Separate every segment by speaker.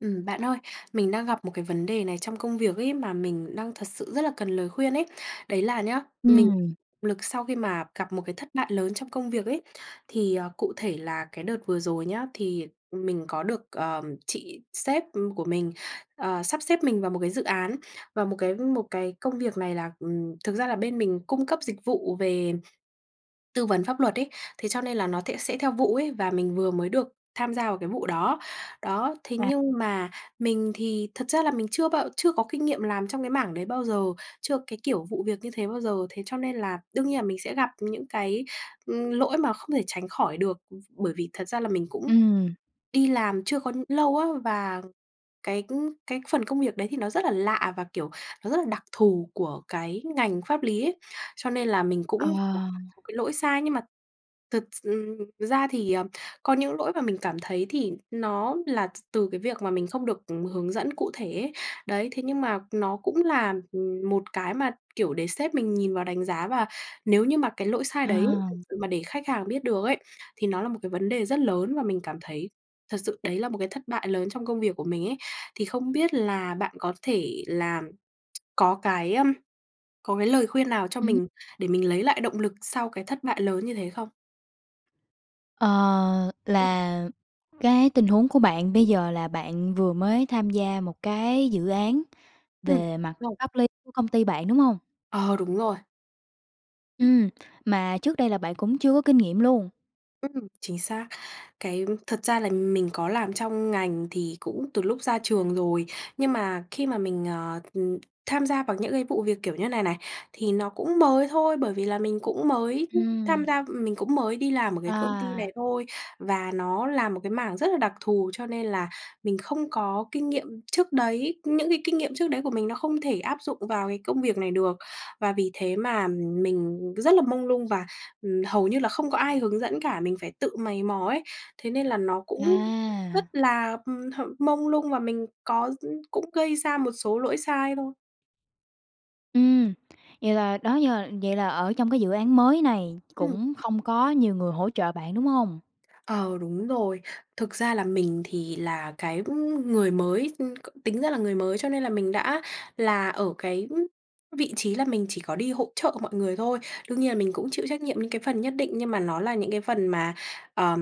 Speaker 1: Ừm, bạn ơi, mình đang gặp một cái vấn đề này trong công việc ấy, mà mình đang thật sự rất là cần lời khuyên ấy. Đấy là nhá, mình
Speaker 2: Ừm.
Speaker 1: lực sau khi mà gặp một cái thất bại lớn trong công việc ấy. Thì, ờ, cụ thể là cái đợt vừa rồi nhá, thì, ừm, mình có được, ờ, chị sếp, ừm, của mình, ờ, sắp xếp mình vào một cái dự án. Và một cái một cái công việc này là ừm, thực ra là bên mình cung cấp dịch vụ về tư vấn pháp luật ấy. Thế cho nên là nó thẽ sẽ theo vụ ấy và mình vừa mới được tham gia vào cái vụ đó. Đó, thế
Speaker 2: À.
Speaker 1: nhưng mà mình thì thật ra là mình chưa bao chưa có kinh nghiệm làm trong cái mảng đấy bao giờ, chưa cái kiểu vụ việc như thế bao giờ. Thế cho nên là đương nhiên là mình sẽ gặp những cái, ừm, lỗi mà không thể tránh khỏi được. Bởi vì thật ra là mình cũng
Speaker 2: Ừm.
Speaker 1: đi làm chưa có lâu á, và cái, ư, cái phần công việc đấy thì nó rất là lạ, và, kiểu, nó rất là đặc thù của cái ngành pháp lý ấy. Cho nên là mình
Speaker 2: Ờ.
Speaker 1: cũng cái lỗi sai. Nhưng mà thực s ừm, ra thì, ờ, có những lỗi mà mình cảm thấy thì nó là t từ cái việc mà mình không được hướng dẫn cụ thể ấy. Đấy, thế nhưng mà nó cũng là, ừm, một cái mà, kiểu, để sếp mình nhìn vào đánh giá và nếu như mà cái lỗi sai đấy thật
Speaker 2: À.
Speaker 1: sự mà để khách hàng biết được ấy, thì nó là một cái vấn đề rất lớn và mình cảm thấy thật sự đấy là một cái thất bại lớn trong công việc của mình ấy. Thì không biết là bạn có thể làm có cái, ờm có cái lời khuyên nào cho
Speaker 2: Ừm.
Speaker 1: mình để mình lấy lại động lực sau cái thất bại lớn như thế không?
Speaker 2: Ờ,
Speaker 1: Ừm.
Speaker 2: là cái tình huống của bạn bây giờ là bạn vừa mới tham gia một cái dự án
Speaker 1: Ừm,
Speaker 2: về mặt
Speaker 1: rồi.
Speaker 2: pháp lý của công ty bạn, đúng hông?
Speaker 1: Ờ, đúng rồi.
Speaker 2: Ừm, mà trước đây là bạn cũng chưa có kinh nghiệm luôn.
Speaker 1: Ừm, chính xác. Cái thật ra là mình có làm trong ngành thì cũng từ lúc ra trường rồi. Nhưng mà khi mà mình, ờ, ừm, tham gia vào những cái vụ việc kiểu như này này thì nó cũng mới thôi. Bởi vì là mình cũng mới tham
Speaker 2: Ừm.
Speaker 1: gia mình cũng mới đi làm ở cái công ty này
Speaker 2: À.
Speaker 1: thôi và nó làm một cái mảng rất là đặc thù, cho nên là mình không có kinh nghiệm trước đấy. Những cái kinh nghiệm trước đấy của mình nó không thể áp dụng vào cái công việc này được. Và vì thế mà mình rất là mông lung, và, ừm, hầu như là không có ai hướng dẫn cả, mình phải tự mày mò ấy thế nên là nó cũng rất
Speaker 2: À.
Speaker 1: là, ừm, h mông lung và mình có cũng gây ra một số lỗi sai thôi.
Speaker 2: Ừm, vậy là đó giờ vậy là ở trong cái dự án mới này
Speaker 1: Ừm.
Speaker 2: cũng không có nhiều người hỗ trợ bạn, đúng hông?
Speaker 1: Ờ, đúng rồi. Thực ra là mình thì là cái, ừm, người mới ừm, tính ra là người mới, cho nên là mình đã là ở cái vị trí là mình chỉ có đi hỗ trợ mọi người thôi. Đương nhiên là mình cũng chịu trách nhiệm những cái phần nhất định nhưng mà nó là những cái phần mà, ờ,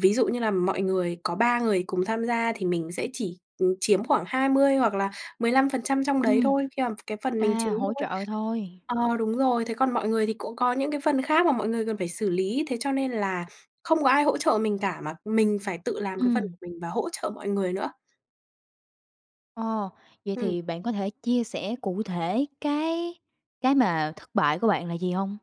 Speaker 1: ví dụ như là mọi người có 3 người cùng tham gia thì mình sẽ chỉ, ừm, chiếm khoảng 20 hoặc là 15% trong đấy
Speaker 2: Ừm.
Speaker 1: thôi khi mà cái phần mình chiếm
Speaker 2: À, hỗ
Speaker 1: thôi.
Speaker 2: trợ thôi.
Speaker 1: Ờ, đúng rồi. Thế còn mọi người thì cũng có những cái phần khác mà mọi người cần phải xử lý thế cho nên là không có ai hỗ trợ mình cả, mà mình phải tự làm cái phần của
Speaker 2: Ừm.
Speaker 1: mình và hỗ trợ mọi người nữa.
Speaker 2: Ồ, vậy
Speaker 1: Ừm.
Speaker 2: thì bạn có thể chia sẻ cụ thể cái cái mà thất bại của bạn là gì hông?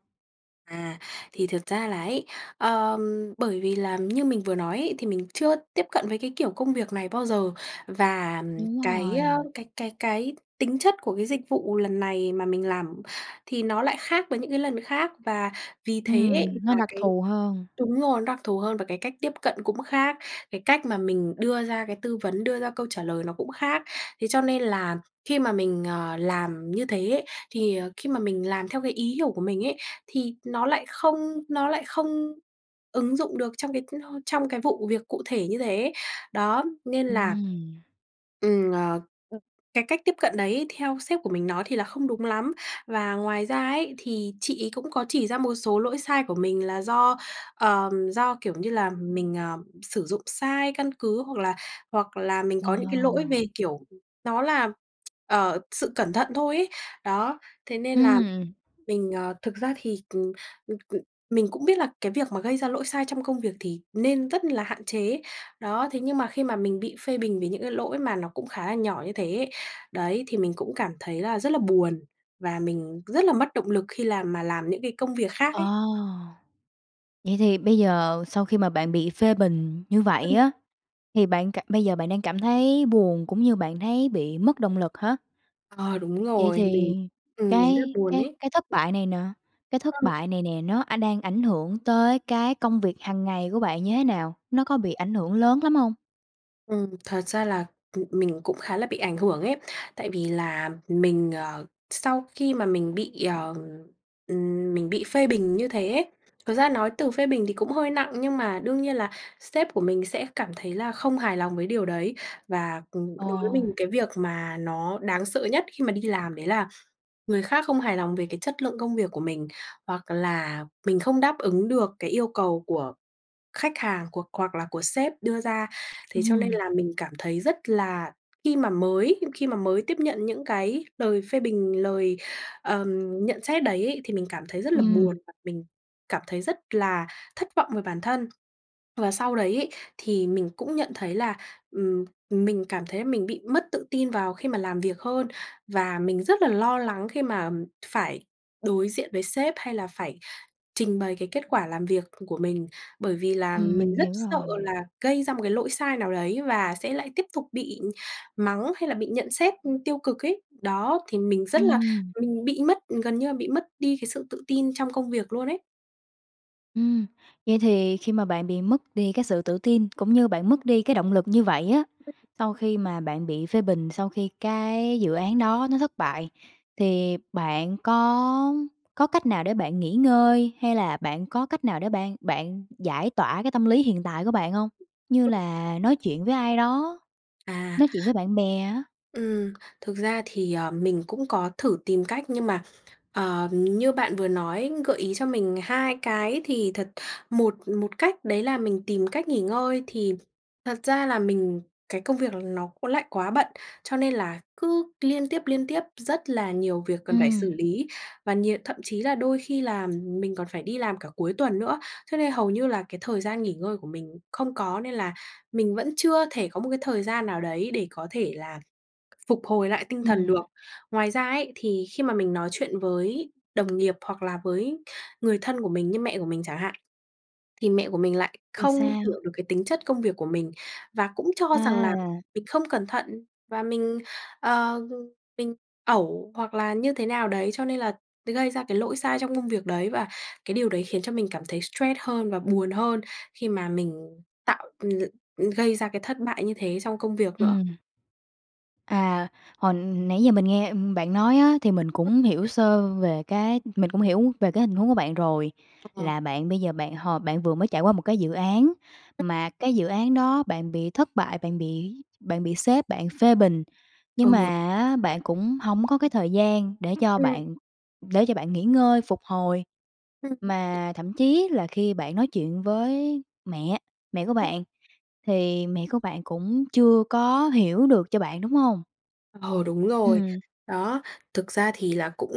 Speaker 1: À, thì thực ra là ấy, ờ, bởi vì là như mình vừa nói ấy, thì mình chưa tiếp cận với cái kiểu công việc này bao giờ và, ờm,
Speaker 2: Đúng
Speaker 1: cái, ơ,
Speaker 2: rồi.
Speaker 1: cái cái cái tính chất của cái dịch vụ lần này mà mình làm thì nó lại khác với những cái lần khác và vì thế
Speaker 2: Ừm,
Speaker 1: là
Speaker 2: nó đặc
Speaker 1: cái
Speaker 2: thù hơn.
Speaker 1: đúng rồi, đặc thù hơn và cái cách tiếp cận cũng khác, cái cách mà mình đưa ra cái tư vấn, đưa ra câu trả lời nó cũng khác thế cho nên là khi mà mình, ờ, làm như thế ấy thì khi mà mình làm theo cái ý hiểu của mình ấy, thì nó lại không nó lại không ứng dụng được trong cái, ơ, trong cái vụ việc cụ thể như thế. Đó, nên là
Speaker 2: Ừm.
Speaker 1: Ừm, ờ, cái cách tiếp cận đấy theo sếp của mình nói thì là không đúng lắm và ngoài ra ấy thì chị ấy cũng có chỉ ra một số lỗi sai của mình, là do, ờm, do, kiểu như là, mình, à, sử dụng sai căn cứ hoặc là hoặc là mình có nhữn cái lỗi
Speaker 2: Ờ.
Speaker 1: về, kiểu, nó là, ờ, sự cẩn thận thôi ấy, đó, thế nên là
Speaker 2: Ừm.
Speaker 1: mình, ờ, thực ra thì, cần c c mình cũng biết là cái việc mà gây ra lỗi sai trong công việc thì nên rất là hạn chế, đó. Thế nhưng mà khi mà mình bị phê bình vì những cái lỗi mà nó cũng khá là nhỏ như thế ấy, đấy thì mình cũng cảm thấy là rất là buồn và mình rất là mất động lực khi làm mà làm những cái công việc khác
Speaker 2: Ờ.
Speaker 1: ấy.
Speaker 2: Vậy thì bây giờ sau khi mà bạn bị phê bình như vậy
Speaker 1: Ừm.
Speaker 2: á, thì bạn cảm bây giờ bạn đang cảm thấy buồn cũng như bạn thấy bị mất động lực hả?
Speaker 1: Ờ, đúng
Speaker 2: Vậy
Speaker 1: rồi, mình
Speaker 2: thì
Speaker 1: ừm, mình rất
Speaker 2: cái
Speaker 1: buồn
Speaker 2: cái
Speaker 1: ấy.
Speaker 2: cái thất bại này nè, cái thất
Speaker 1: Vâng.
Speaker 2: bại này nè nó, a, đang ảnh hưởng tới cái công việc hằng ngày của bạn như thế nào? Nó có bị ảnh hưởng lớn lắm hông?
Speaker 1: Ừm, thật ra là, ừm, mình cũng khá là bị ảnh hưởng ấy. Tại vì là mình, ờ, sau khi mà mình bị, ờ ừm, mình bị phê bình như thế ấy, thực ra nói từ phê bình thì cũng hơi nặng nhưng mà đương nhiên là sếp của mình sẽ cảm thấy là không hài lòng với điều đấy. Và, ừm, đối với
Speaker 2: Ờ.
Speaker 1: mình cái việc mà nó đáng sợ nhất khi mà đi làm đấy là người khác không hài lòng về cái chất lượng công việc của mình, hoặc là mình không đáp ứng được cái yêu cầu của khách hàng, của hoặc là của sếp đưa ra. Thế cho nên
Speaker 2: Ừm.
Speaker 1: là mình cảm thấy rất là khi mà mới khi mà mới tiếp nhận những cái lời phê bình, lời, ờm, nhận xét đấy ấy, thì mình cảm thấy rất là buồn
Speaker 2: Ừm.
Speaker 1: và mình cảm thấy rất là thất vọng về bản thân. Và sau đấy ấy, thì mình cũng nhận thấy là, ừm, mình cảm thấy là mình bị mất tự tin vào khi mà làm việc hơn. Và mình rất là lo lắng khi mà phải đối diện với sếp hay là phải trình bày cái kết quả làm việc của mình, bởi vì là
Speaker 2: Ừm,
Speaker 1: mình
Speaker 2: mình
Speaker 1: rất
Speaker 2: hiểu
Speaker 1: sợ
Speaker 2: rồi.
Speaker 1: là gây ra một cái lỗi sai nào đấy, và sẽ lại tiếp tục bị mắng hay là bị nhận xét, ư, tiêu cực ấy, đó. Thì mình rất là
Speaker 2: Ừm.
Speaker 1: mình bị mất ừ, gần như là bị mất đi cái sự tự tin trong công việc luôn ấy.
Speaker 2: Ừm, vậy thì khi mà bạn bị mất đi cái sự tự tin, cũng như bạn mất đi cái động lực như vậy á, sau khi mà bạn bị phê bình, sau khi cái dự án đó nó thất bại thì bạn có có cách nào để bạn nghỉ ngơi, hay là bạn có cách nào để bạn bạn giải tỏa cái tâm lý hiện tại của bạn hông? Như
Speaker 1: Ừm.
Speaker 2: là nói chuyện với ai đó,
Speaker 1: À
Speaker 2: nói chuyện với bạn bè á.
Speaker 1: ừm, thực ra thì, ờ, mình cũng có thử tìm cách, nhưng mà, ờm, như bạn vừa nói, gợi ý cho mình 2 cái thì thật, một một cách đấy là mình tìm cách nghỉ ngơi. Thì thật ra là mình cái công việc là nó cũng lại quá bận, cho nên là cứ liên tiếp, liên tiếp rất là nhiều việc cần phải xử
Speaker 2: Ừm.
Speaker 1: lý, và nhiều thậm chí là đôi khi làm mình còn phải đi làm cả cuối tuần nữa. Cho nên hầu như là cái thời gian nghỉ ngơi của mình không có nên là mình vẫn chưa thể có một cái thời gian nào đấy để có thể là phục hồi lại tinh thần
Speaker 2: Ừm.
Speaker 1: được. Ngoài ra ấy, thì khi mà mình nói chuyện với đồng nghiệp hoặc là với người thân của mình như mẹ của mình chẳng hạn thì mẹ của mình lại
Speaker 2: Vì
Speaker 1: không
Speaker 2: sao?
Speaker 1: hiểu được cái tính chất công việc của mình và cũng cho rằng là
Speaker 2: À.
Speaker 1: mình không cẩn thận và mình, ờ, ừm, mình ẩu, hoặc là như thế nào đấy, cho nên là mới gây ra cái lỗi sai trong công việc đấy, và cái điều đấy khiến cho mình cảm thấy stress hơn và buồn hơn khi mà mình tạo ừm, gây ra cái thất bại như thế trong công việc nữa.
Speaker 2: Ừm. À, hồi nãy giờ mình nghe, ừm, bạn nói á thì mình cũng hiểu sơ về cái mình cũng hiểu về cái hình huống của bạn rồi.
Speaker 1: Ờ.
Speaker 2: Là bạn bây giờ bạn h bạn vừa mới trải qua một cái dự án, mà cái dự án đó bạn bị thất bại, bạn bị bạn bị sếp bạn phê bình. Nhưng mà
Speaker 1: Ừ.
Speaker 2: á bạn cũng hổng có cái thời gian để cho
Speaker 1: Ừm.
Speaker 2: bạn để cho bạn nghỉ ngơi, phục hồi
Speaker 1: Ừm, ừm.
Speaker 2: mà thậm chí là khi bạn nói chuyện với mẹ, mẹ của bạn thì mẹ của bạn cũng chưa có hiểu được cho bạn, đúng hông?
Speaker 1: Ờ, đúng rồi.
Speaker 2: Ừm.
Speaker 1: Đó, thực ra thì là cũng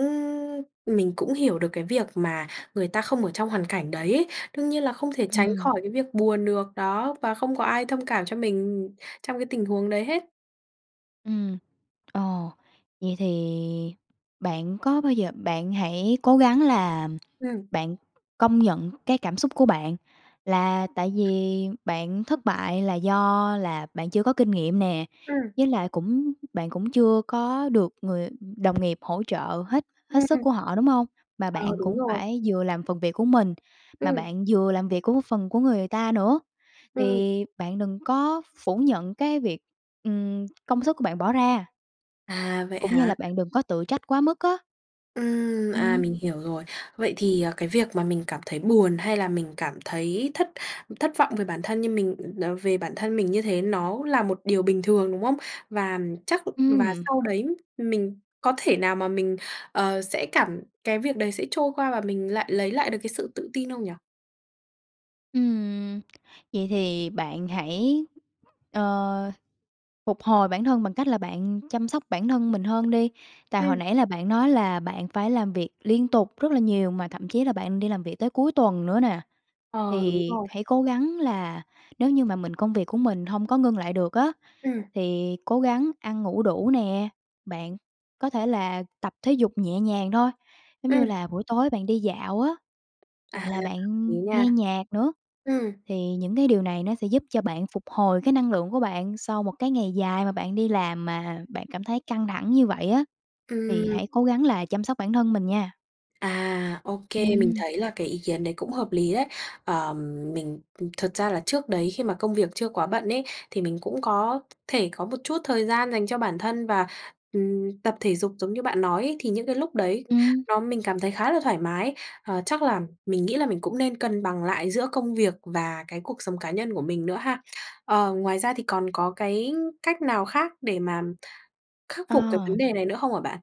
Speaker 1: mình cũng hiểu được cái việc mà người ta không ở trong hoàn cảnh đấy. Đương nhiên là không thể tránh
Speaker 2: Ừm.
Speaker 1: khỏi cái việc buồn được đó và không có ai thông cảm cho mình trong cái tình huống đấy hết.
Speaker 2: Ừm, ờ, vậy thì bạn có bao giờ bạn hãy cố gắng là
Speaker 1: Ừm.
Speaker 2: bạn công nhận cái cảm xúc của bạn. Là tại vì bạn thất bại là do là bạn chưa có kinh nghiệm nè.
Speaker 1: Ừm.
Speaker 2: Với lại cũng bạn cũng chưa có được người đồng nghiệp hỗ trợ hết hết
Speaker 1: Ừm.
Speaker 2: sức của họ, đúng hông? Mà
Speaker 1: Ờ,
Speaker 2: bạn
Speaker 1: đúng
Speaker 2: cũng
Speaker 1: rồi.
Speaker 2: phải vừa làm phần việc của mình, mà
Speaker 1: Ừm.
Speaker 2: bạn vừa làm việc của phần của người ta nữa,
Speaker 1: Ừm.
Speaker 2: thì bạn đừng có phủ nhận cái việc, ừm, công sức của bạn bỏ ra.
Speaker 1: À, vậy
Speaker 2: Cũng như
Speaker 1: hả?
Speaker 2: là bạn đừng có tự trách quá mức á.
Speaker 1: Ừm, à,
Speaker 2: Ừm.
Speaker 1: mình hiểu rồi. Vậy thì, à, cái việc mà mình cảm thấy buồn, hay là mình cảm thấy thất thất vọng về bản thân như mình về bản thân mình như thế, nó là một điều bình thường, đúng không? Và chắc và
Speaker 2: Ừm.
Speaker 1: sau đấy mình có thể nào mà mình, ờ, sẽ cảm cái việc đấy sẽ trôi qua, và mình lại lấy lại được cái sự tự tin không nhỉ?
Speaker 2: Ừm. Vậy thì bạn hãy, ờ phục hồi bản thân bằng cách là bạn chăm sóc bản thân mình hơn đi. Tại hồi
Speaker 1: Ừm.
Speaker 2: nãy là bạn nói là bạn phải làm việc liên tục rất là nhiều mà thậm chí là bạn đi làm việc tới cuối tuần nữa nè.
Speaker 1: Ờ, đúng
Speaker 2: Thì
Speaker 1: rồi.
Speaker 2: hãy cố gắng là nếu như mà mình công việc của mình hông có ngưng lại được á,
Speaker 1: Ừm.
Speaker 2: thì cố gắng ăn ngủ đủ nè, bạn có thể là tập thể dục nhẹ nhàng thôi, giống như
Speaker 1: Ừm.
Speaker 2: là buổi tối bạn đi dạo á,
Speaker 1: À,
Speaker 2: hoặc là bạn
Speaker 1: lý nha.
Speaker 2: nghe nhạc nữa,
Speaker 1: Ừm.
Speaker 2: thì những cái điều này nó sẽ giúp cho bạn phục hồi cái năng lượng của bạn sau một cái ngày dài mà bạn đi làm mà bạn cảm thấy căng thẳng như vậy á. Thì
Speaker 1: Ừm.
Speaker 2: hãy cố gắng là chăm sóc bản thân mình nha.
Speaker 1: À, ô kê, mình
Speaker 2: Ừm.
Speaker 1: thấy là cái ý kiến đấy cũng hợp lý đấy. Ờm, mình thực ra là trước đấy khi mà công việc chưa quá bận ấy thì mình cũng có thể có một chút thời gian dành cho bản thân và, ừm, tập thể dục giống như bạn nói ấy thì những cái lúc đấy
Speaker 2: Ừm.
Speaker 1: nó mình cảm thấy khá là thoải mái. Ờ, chắc là mình nghĩ là mình cũng nên cân bằng lại giữa công việc và cái cuộc sống cá nhân của mình nữa ha. Ờ, ngoài ra thì còn có cái cách nào khác để mà khắc
Speaker 2: Ờ.
Speaker 1: phục cái vấn đề này nữa không hả bạn?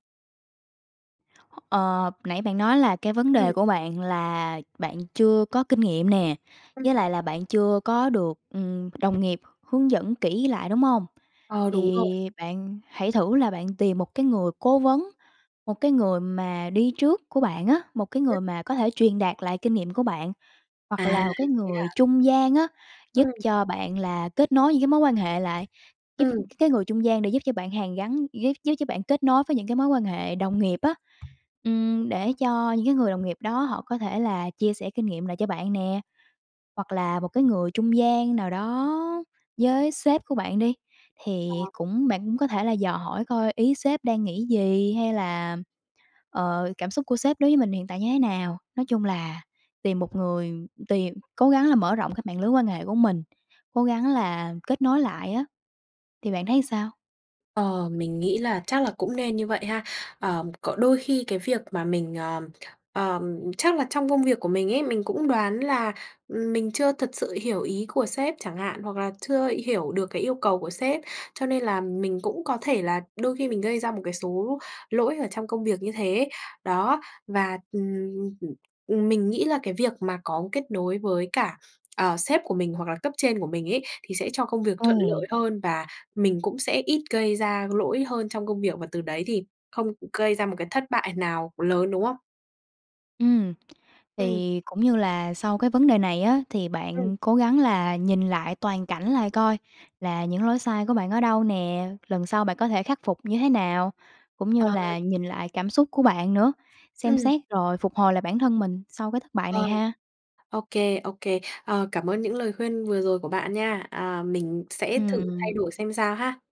Speaker 2: Ờ, nãy bạn nói là cái vấn
Speaker 1: Ừm.
Speaker 2: đề của bạn là bạn chưa có kinh nghiệm nè, với
Speaker 1: Ừm.
Speaker 2: lại là bạn chưa có được, ừm, đồng nghiệp hướng dẫn kỹ lại, đúng hông?
Speaker 1: Ờ, đúng rồi.
Speaker 2: Thì bạn hãy thử là bạn tìm một cái người cố vấn, một cái người mà đi trước của bạn á, một cái người mà có thể truyền đạt lại kinh nghiệm của bạn. Hoặc
Speaker 1: À,
Speaker 2: là một cái
Speaker 1: thế
Speaker 2: người
Speaker 1: hả?
Speaker 2: trung gian á, giúp
Speaker 1: Ừm.
Speaker 2: cho bạn là kết nối những cái mối quan hệ lại, giúp
Speaker 1: Ừm.
Speaker 2: cái người trung gian để giúp cho bạn hàn gắn, giúp giúp cho bạn kết nối với những cái mối quan hệ đồng nghiệp á. Ừm, để cho những cái người đồng nghiệp đó họ có thể là chia sẻ kinh nghiệm lại cho bạn nè. Hoặc là một cái người trung gian nào đó với sếp của bạn đi, thì
Speaker 1: Ờ.
Speaker 2: cũng bạn cũng có thể là dò hỏi coi ý sếp đang nghĩ gì hay là, ờ, cảm xúc của sếp đối với mình hiện tại như thế nào. Nói chung là tìm một người tìm cố gắng là mở rộng cái mạng lưới quan hệ của mình, cố gắng là kết nối lại á, thì bạn thấy sao?
Speaker 1: Ờ, mình nghĩ là chắc là cũng nên như vậy ha. Ờ, có đôi khi cái việc mà mình ờm, ờm, chắc là trong công việc của mình ấy, mình cũng đoán là, ừm, mình chưa thật sự hiểu ý của sếp chẳng hạn, hoặc là chưa hiểu được cái yêu cầu của sếp. Cho nên là mình cũng có thể là đôi khi mình gây ra một cái số lỗi ở trong công việc như thế ấy, đó. Và, ừm, ừm, ừm, mình nghĩ là cái việc mà có kết nối với cả, ờ, sếp của mình hoặc là cấp trên của mình ấy, thì sẽ cho công việc thuận
Speaker 2: Ừm.
Speaker 1: lợi hơn. Và mình cũng sẽ ít gây ra lỗi hơn trong công việc, và từ đấy thì không gây ra một cái thất bại nào lớn, đúng không?
Speaker 2: Ừm.
Speaker 1: Ừm.
Speaker 2: Thì cũng như là sau cái vấn đề này á, thì
Speaker 1: Ừm.
Speaker 2: bạn cố gắng là nhìn lại toàn cảnh lại coi là những lỗi sai của bạn ở đâu nè, lần sau bạn có thể khắc phục như thế nào. Cũng như
Speaker 1: Ờ.
Speaker 2: là nhìn lại cảm xúc của bạn nữa, xem
Speaker 1: Ừm.
Speaker 2: xét rồi phục hồi lại bản thân mình sau cái thất bại
Speaker 1: Ờ.
Speaker 2: này ha.
Speaker 1: Ô kê, ô kê. Ờ, cảm ơn những lời khuyên vừa rồi của bạn nha. À, mình sẽ thử thay
Speaker 2: Ừm.
Speaker 1: đổi xem sao ha.